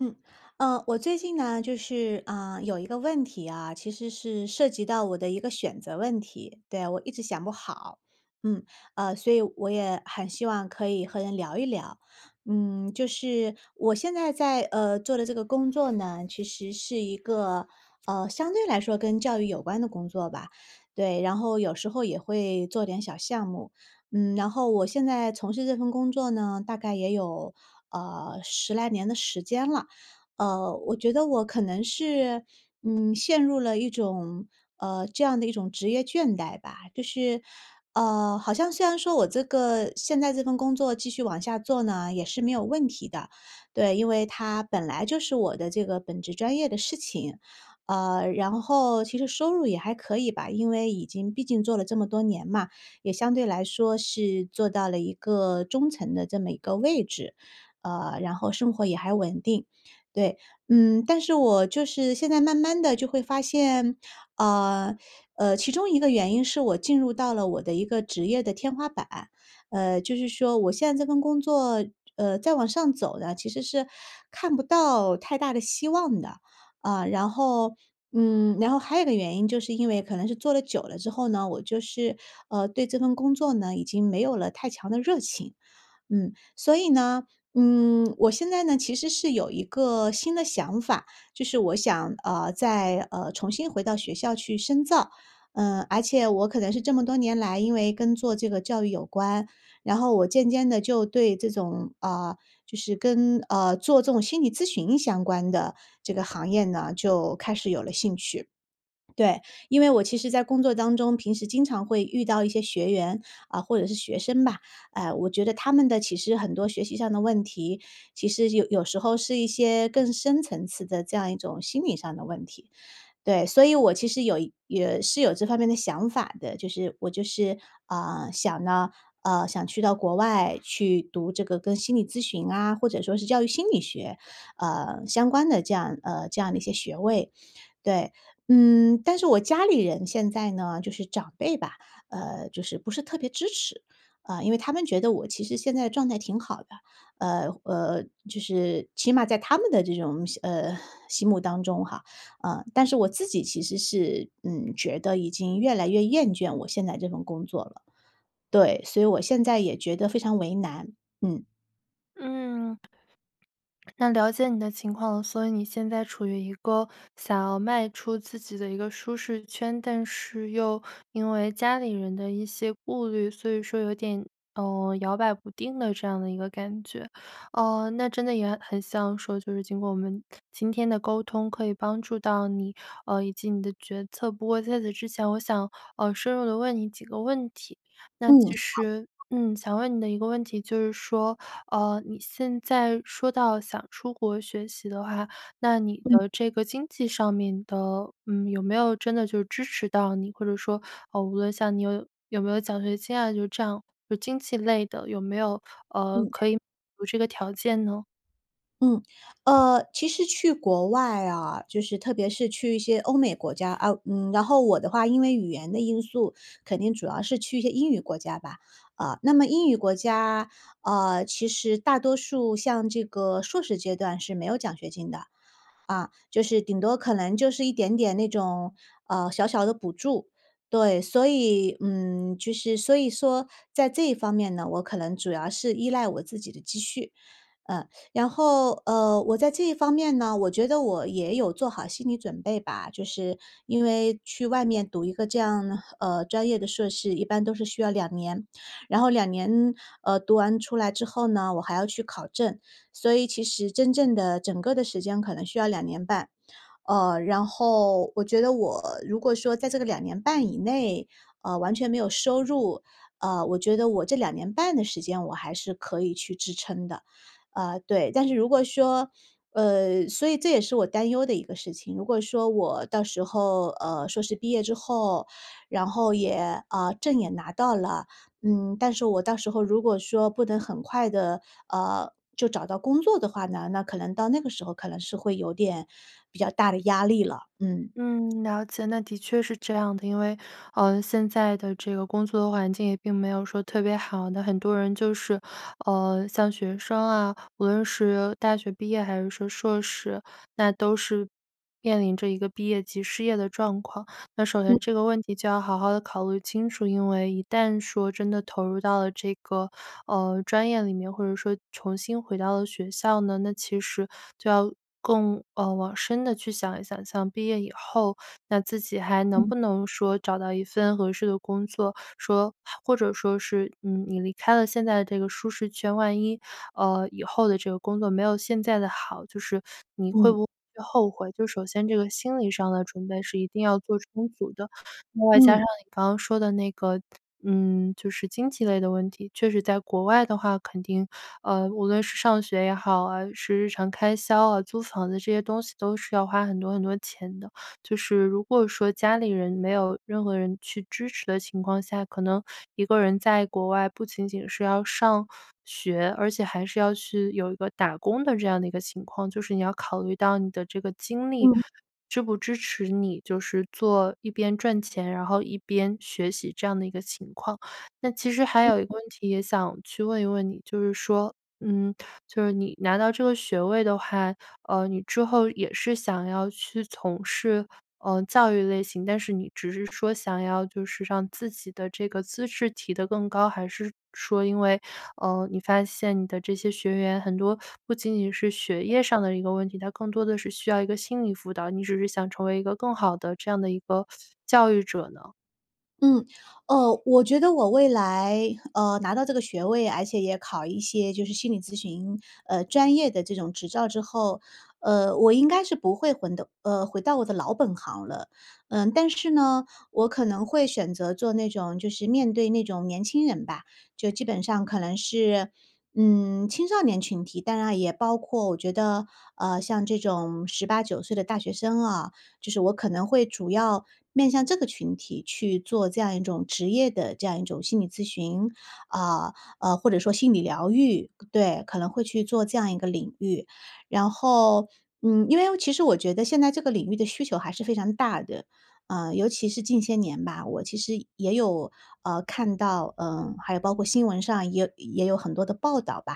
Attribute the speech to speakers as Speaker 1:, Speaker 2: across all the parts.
Speaker 1: 嗯。呃，我最近呢就是，呃，有一个问题啊，其实是涉及到我的一个选择问题。对，我一直想不好，嗯。呃，所以我也很希望可以和人聊一聊。嗯，就是我现在在，呃，做的这个工作呢，其实是一个，呃，相对来说跟教育有关的工作吧，对，然后有时候也会做点小项目。嗯，然后我现在从事这份工作呢，大概也有，呃，10来年的时间了。呃，我觉得我可能是，嗯，陷入了一种呃，这样的一种职业倦怠吧。就是，呃，好像虽然说我这个现在这份工作继续往下做呢，也是没有问题的。对，因为它本来就是我的这个本职专业的事情。呃，然后其实收入也还可以吧，因为已经毕竟做了这么多年嘛，也相对来说是做到了一个中层的这么一个位置，呃，然后生活也还稳定，对。嗯，但是我就是现在慢慢地就会发现，呃呃，其中一个原因是我进入到了我的一个职业的天花板，呃，就是说我现在这份工作，呃，再往上走呢，其实是看不到太大的希望的。啊，然后嗯，然后还有一个原因，就是因为可能是做了久了之后呢，我就是，呃，对这份工作呢已经没有了太强的热情，嗯。所以呢，嗯，我现在呢其实是有一个新的想法，就是我想呃，再，呃，重新回到学校去深造，呃，而且我可能是这么多年来因为跟做这个教育有关，然后我渐渐地就对这种呃，就是跟呃，做这种心理咨询相关的这个行业呢就开始有了兴趣。对，因为我其实在工作当中，平时经常会遇到一些学员，啊，或者是学生吧，呃，我觉得他们的其实很多学习上的问题，其实有有时候是一些更深层次的这样一种心理上的问题。对，所以我其实有也是有这方面的想法的，就是我就是，呃，想呢呃，想去到国外去读这个跟心理咨询啊，或者说是教育心理学，呃，相关的这样呃，这样的一些学位，对。嗯，但是我家里人现在呢就是长辈吧，呃，就是不是特别支持，啊，因为他们觉得我其实现在状态挺好的，呃呃，就是起码在他们的这种心呃，心目当中哈，呃，但是我自己其实是，嗯，觉得已经越来越厌倦我现在这份工作了。对，所以我现在也觉得非常为难，嗯。
Speaker 2: 嗯。那了解你的情况了，所以你现在处于一个想要迈出自己的一个舒适圈，但是又因为家里人的一些顾虑，所以说有点，呃，摇摆不定的这样的一个感觉。哦，那真的也很像说，就是经过我们今天的沟通，可以帮助到你，呃，以及你的决策。不过在此之前我想，呃，深入地问你几个问题。那
Speaker 1: 嗯，
Speaker 2: 其实，
Speaker 1: 好。
Speaker 2: 嗯，想问你的一个问题就是说，呃，你现在说到想出国学习的话，那你
Speaker 1: 嗯。
Speaker 2: 的这个经济上面的，呃，有没有真的就是支持到你，或者说，呃，无论像你有有没有奖学金啊，就这样就经济类的有没有，呃，
Speaker 1: 嗯。
Speaker 2: 可以满足这个条件呢？
Speaker 1: 嗯，呃，其实去国外啊，就是特别是去一些欧美国家啊嗯，然后我的话因为语言的因素，肯定主要是去一些英语国家吧。呃，那么英语国家，呃，其实大多数像这个硕士阶段是没有奖学金的，啊，就是顶多可能就是一点点那种，呃，小小的补助。对，所以嗯，就是所以说在这方面呢，我可能主要是依赖我自己的积蓄。呃，然后，呃，我在这方面呢，我觉得我也有做好心理准备吧，就是因为去外面读一个这样，呃，专业的硕士一般都是需要2年，然后2年，呃，读完出来之后呢，我还要去考证。所以其实真正的整个的时间可能需要2年半，呃，然后我觉得我如果说在这个2年半以内，嗯，完全没有收入，呃，我觉得我这2年半的时间我还是可以去支撑的。呃，对，但是如果说呃，所以这也是我担忧的一个事情，如果说我到时候，呃，硕士毕业之后，然后也呃，证也拿到了，嗯，但是我到时候如果说不能很快地，呃，就找到工作的话呢，那可能到那个时候，可能是会有点比较大的压力了。嗯。
Speaker 2: 嗯，了解，那的确是这样的，因为，呃，现在的这个工作环境也并没有说特别好，那很多人就是，呃，像学生啊无论是大学毕业还是说硕士，那都是面临着一个毕业及失业的状况。那首先
Speaker 1: 嗯。
Speaker 2: 这个问题就要好好地考虑清楚，因为一旦说真的投入到了这个，呃，专业里面，或者说重新回到了学校呢，那其实就要更，呃，往深的去想一想。像毕业以后那自己还能
Speaker 1: 嗯。
Speaker 2: 不能说找到一份合适的工作，说或者说是，嗯，你离开了现在这个舒适圈万一，呃，以后的这个工作没有现在的好，就是你会
Speaker 1: 嗯。
Speaker 2: 不会后悔，就首先这个心理上的准备是一定要做充足的。另外加
Speaker 1: 嗯。
Speaker 2: 上你刚刚说的那个，嗯，就是经济类的问题，确实在国外的话肯定，呃，无论是上学也好啊，是日常开销啊，租房子这些东西都是要花很多很多钱的。就是如果说家里人，没有任何人去支持的情况下，可能一个人在国外不仅仅是要上学，而且还是要去有一个打工的这样的一个情况。就是你要考虑到你的这个精力，
Speaker 1: 嗯。
Speaker 2: 支不支持你，就是做一边赚钱，然后一边学习这样的一个情况。那其实还
Speaker 1: 嗯。
Speaker 2: 有一个问题也想去问一问你，就是说，嗯，就是你拿到这个学位的话，呃，你之后也是想要去从事，呃，教育类型，但是你只是说想要就是让自己的这个资质提得更高，还是说因为，呃，你发现你的这些学员很多不仅仅是学业上的一个问题，他更多的是需要一个心理辅导，你只是想成为一个更好的这样的一个 教育者呢？
Speaker 1: 嗯。哦，我觉得我未来，嗯，拿到这个学位，而且也考一些就是心理咨询，呃，专业的这种执照之后，呃，我应该是不会回到呃，回到我的老本行了。嗯，但是呢，我可能会选择做那种就是面对那种年轻人吧，就基本上可能是，嗯，青少年群体。当然也包括我觉得，嗯，像这种18-19岁的大学生啊，就是我可能会主要面向这个群体去做这样一种职业的这样一种心理咨询，呃呃，或者说心理疗愈。对，可能会去做这样一个领域。然后，嗯，因为我其实我觉得现在这个领域的需求还是非常大的。嗯，尤其是近些年吧，我其实也有，呃，看到，呃，还有包括新闻上也有也有很多的报道吧。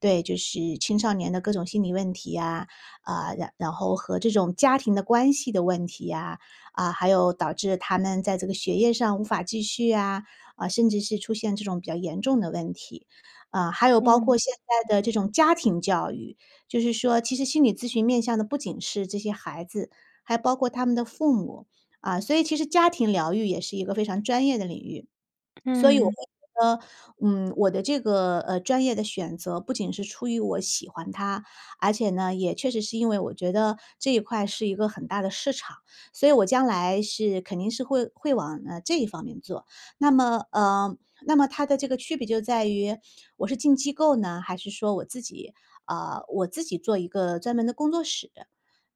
Speaker 1: 对，就是青少年的各种心理问题呀，呃，然然后和这种家庭的关系的问题呀，啊，还有导致他们在这个学业上无法继续呀，呃，甚至是出现这种比较严重的问题。呃，还有包括
Speaker 2: 嗯。
Speaker 1: 现在的这种家庭教育。就是说其实心理咨询面向的不仅是这些孩子，还包括他们的父母。嗯，所以其实家庭疗愈也是一个非常专业的领域。所以我会
Speaker 2: 嗯。
Speaker 1: 觉得，嗯，我的这个，呃，专业的选择不仅是出于我喜欢它，而且呢，也确实是因为我觉得这一块是一个很大的市场。所以我将来是肯定是会会往，呃，这一方面做。那么呃，那么它的这个区别就在于我是进机构呢，还是说我自己啊，我自己做一个专门的工作室。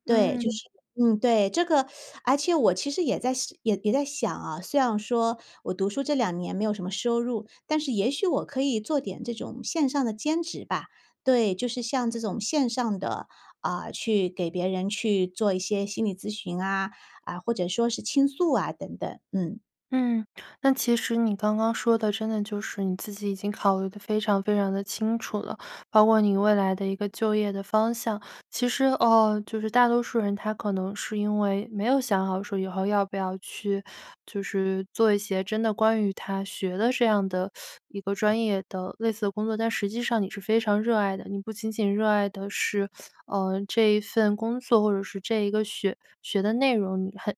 Speaker 1: 对，就
Speaker 2: 嗯。
Speaker 1: 是嗯，对。这个 而且我其实也在想也在想啊，虽然说我读书这2年没有什么收入，但是也许我可以做点这种线上的兼职吧。对，就是像这种线上的，呃，去给别人去做一些心理咨询啊，呃，或者说是倾诉啊，等等，嗯。
Speaker 2: 嗯，那其实你刚刚说的，真的就是你自己已经考虑得非常非常地清楚了，包括你未来的一个就业的方向。其实呃，就是大多数人，他可能是因为没有想好说，以后要不要去，就是做一些真的关于他学的这样的 一个专业的类似的工作，但实际上你是非常热爱的。你不仅仅热爱的是，呃，这一份工作，或者是这一个学学的内容。你很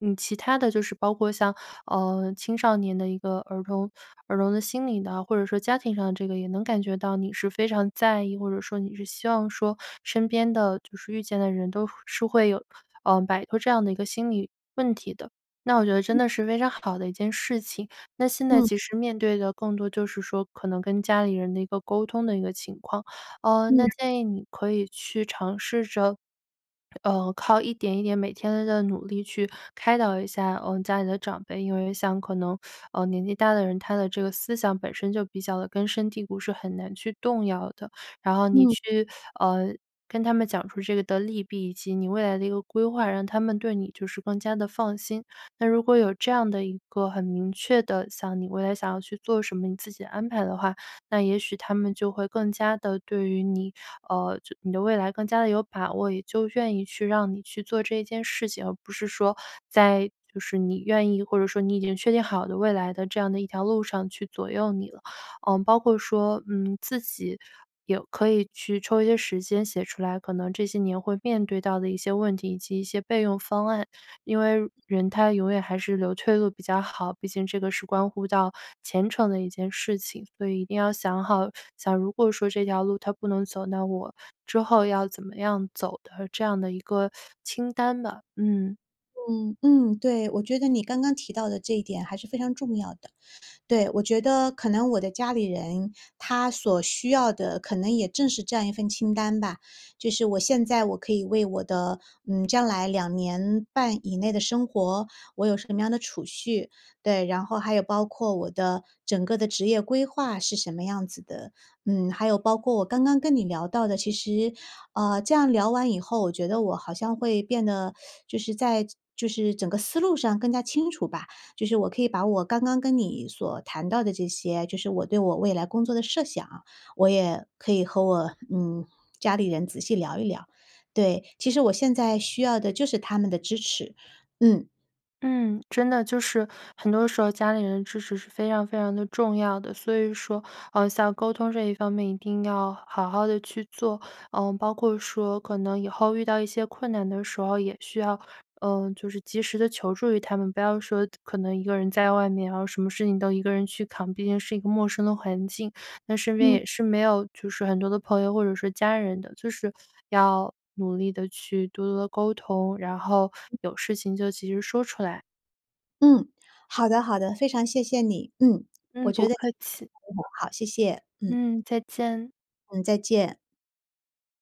Speaker 2: 你其他的就是包括像，呃，青少年的一个儿童儿童的心理的，或者说家庭上的这个也能感觉到你是非常在意，或者说你是希望说身边的就是遇见的人都是会有嗯，摆脱这样的一个心理问题的。那我觉得
Speaker 1: 嗯。
Speaker 2: 真的是非常好的一件事情，那现在
Speaker 1: 嗯。
Speaker 2: 其实面对的更多就是说可能跟家里人的一个沟通的一个情况。呃，
Speaker 1: 嗯。
Speaker 2: 那建议你可以去尝试着，呃，靠一点一点每天地努力去开导一下，嗯，家里的长辈。因为像可能，，呃，年纪大的人，他的这个思想本身就比较地根深蒂固，是很难去动摇的。然后你
Speaker 1: 嗯。
Speaker 2: 去，呃，跟他们讲出这个的利弊以及你未来的一个规划，让他们对你就是更加地放心。那如果有这样的一个很明确的，想你未来想要去做什么你自己安排的话，那也许他们就会更加地对于你呃，就你的未来更加地有把握，也就愿意去让你去做这件事情，而不是说在就是你愿意，或者说你已经确定好的未来的这样的一条路上去左右你了。嗯，包括说，嗯，自己有可以去抽一些时间写出来，可能这些年会面对到的一些问题以及一些备用方案，因为人他永远还是留退路比较好，毕竟这个是关乎到前程的一件事情。所以一定要想好，假如果说这条路它不能走，那我之后要怎么样走的这样的一个 清单吧，嗯。
Speaker 1: 嗯嗯，对，我觉得你刚刚提到的这一点还是非常重要的。对，我觉得可能我的家里人，他所需要的可能也正是这样一份清单吧，就是我现在我可以为我的，嗯，将来2年半以内的生活，我有什么样的储蓄对，然后还有包括我的整个的职业规划是什么样子的。嗯，还有包括我刚刚跟你聊到的其实，呃，这样聊完以后，我觉得我好像会变得 就是在就是整个思路上更加清楚吧，就是我可以把我刚刚跟你所谈到的这些，就是我对我未来工作的设想，我也可以和我，嗯，家里人仔细聊一聊。对，其实我现在需要的就是他们的支持，嗯。
Speaker 2: 嗯，真的，就是很多时候家里人的支持是非常非常的重要的。所以说，呃，像沟通这一方面，一定要好好地去做，呃，包括说可能以后遇到一些困难的时候，也需要，呃，就是及时地求助于他们。不要说可能一个人在外面，然后什么事情都一个人去扛，毕竟是一个陌生的环境，那身边
Speaker 1: 嗯。
Speaker 2: 也是没有就是很多的朋友或者是家人的，就是要努力地去多多地沟通，然后
Speaker 1: 嗯。
Speaker 2: 有事情就及时说出来。
Speaker 1: 嗯，好的好的，非常谢谢你。嗯，
Speaker 2: 嗯，
Speaker 1: 我觉
Speaker 2: 不
Speaker 1: 得
Speaker 2: 客气。
Speaker 1: 好，谢谢，嗯。
Speaker 2: 嗯，再见。
Speaker 1: 嗯，再见。